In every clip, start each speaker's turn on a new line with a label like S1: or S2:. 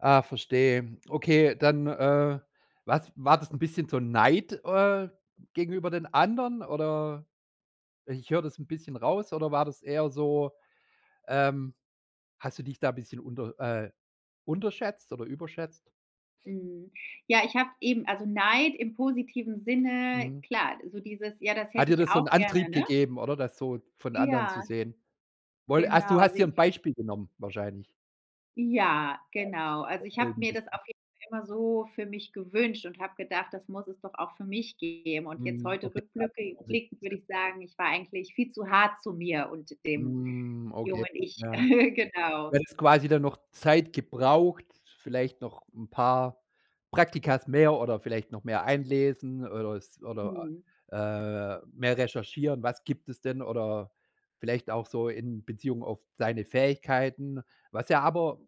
S1: Ah, verstehe. Okay, dann, äh, was war das 'n bisschen so Neid, äh, gegenüber den anderen oder i ich hör das 'n bisschen raus, oder war das eher so, ähm hast du dich da bisschen unter äh, unterschätzt oder überschätzt?
S2: Mhm. Ja, ich habe eben also Neid im positiven Sinne,
S1: Mhm.
S2: klar, so dieses, ja, das
S1: Hat
S2: hätte
S1: dir
S2: ich
S1: das so
S2: auch
S1: 'n
S2: gerne,
S1: Antrieb
S2: ne?
S1: gegeben oder? Das so von anderen zu
S2: Ja.
S1: sehen? Woll also du
S2: Genau,
S1: hast
S2: seh
S1: dir 'n
S2: ich
S1: Beispiel genommen wahrscheinlich.
S2: Ja, genau. Also ich
S1: [unintelligible]
S2: hab
S1: 'n
S2: mir das
S1: bisschen.
S2: auf jeden Fall immer so für mich gewünscht und hab gedacht, das muss es doch auch für mich geben. Und jetzt
S1: Mhm.
S2: heute
S1: Okay..
S2: rückblücki blickend würd
S1: [unintelligible]
S2: ich sagen, ich war eigentlich viel zu hart zu mir und dem
S1: Mhm. Okay.
S2: jungen Ich.
S1: Ja. Du
S2: Genau.
S1: hättest quasi dann noch Zeit gebraucht, vielleicht noch 'n paar Praktika mehr oder vielleicht noch mehr einlesen oder es oder,
S2: Mhm.
S1: äh, mehr recherchieren, was gibt es denn oder vielleicht auch so in Beziehung auf deine Fähigkeiten, was ja aber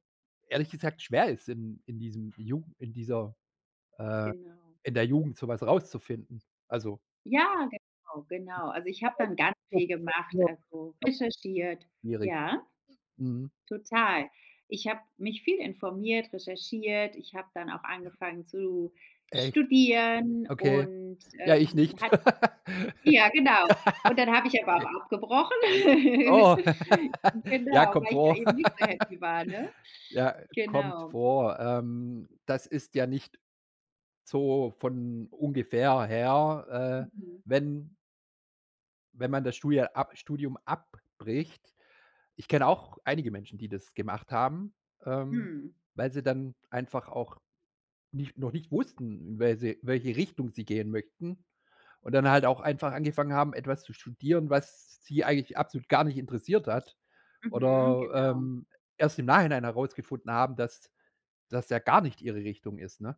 S1: ehrlich gesagt schwer ist, in in diesem Jugen in dieser äh,
S2: Genau.
S1: in der Jugend so was rauszufinden. Also
S2: Ja, genau, genau. Also, ich hab dann ganz viel gemacht, also
S1: [unintelligible]
S2: recherchiert
S1: schwierig.
S2: Ja?
S1: Mhm.
S2: Total. Ich hab mich viel informiert, recherchiert. Ich hab dann auch
S1: Ja.
S2: angefangen zu
S1: Echt?
S2: studieren
S1: Okay.
S2: und,
S1: Ja, ich
S2: äh,
S1: nicht.
S2: hat Ja, genau. Und dann hab ich aber
S1: Okay.
S2: auch abgebrochen,
S1: Oh. Ja,
S2: genau,
S1: kommt
S2: weil ich da
S1: vor.
S2: eben nicht so happy war, ne?
S1: Ja, kommt
S2: Genau.
S1: vor. Ähm, das ist ja nicht so von ungefähr her, äh,
S2: Mhm.
S1: wenn wenn man das Studie ab Studium abbricht. Ich kenne auch einige Menschen, die das gemacht haben, ähm,
S2: Mhm.
S1: weil sie dann einfach auch nicht noch nicht wussten, wer sie welche Richtung sie gehen möchten und dann halt auch einfach angefangen haben, etwas zu studieren, was sie eigentlich absolut gar nicht interessiert hat
S2: Mhm.
S1: oder,
S2: Genau.
S1: ähm, erst im Nachhinein herausgefunden haben, dass das ja gar nicht ihre Richtung ist, ne?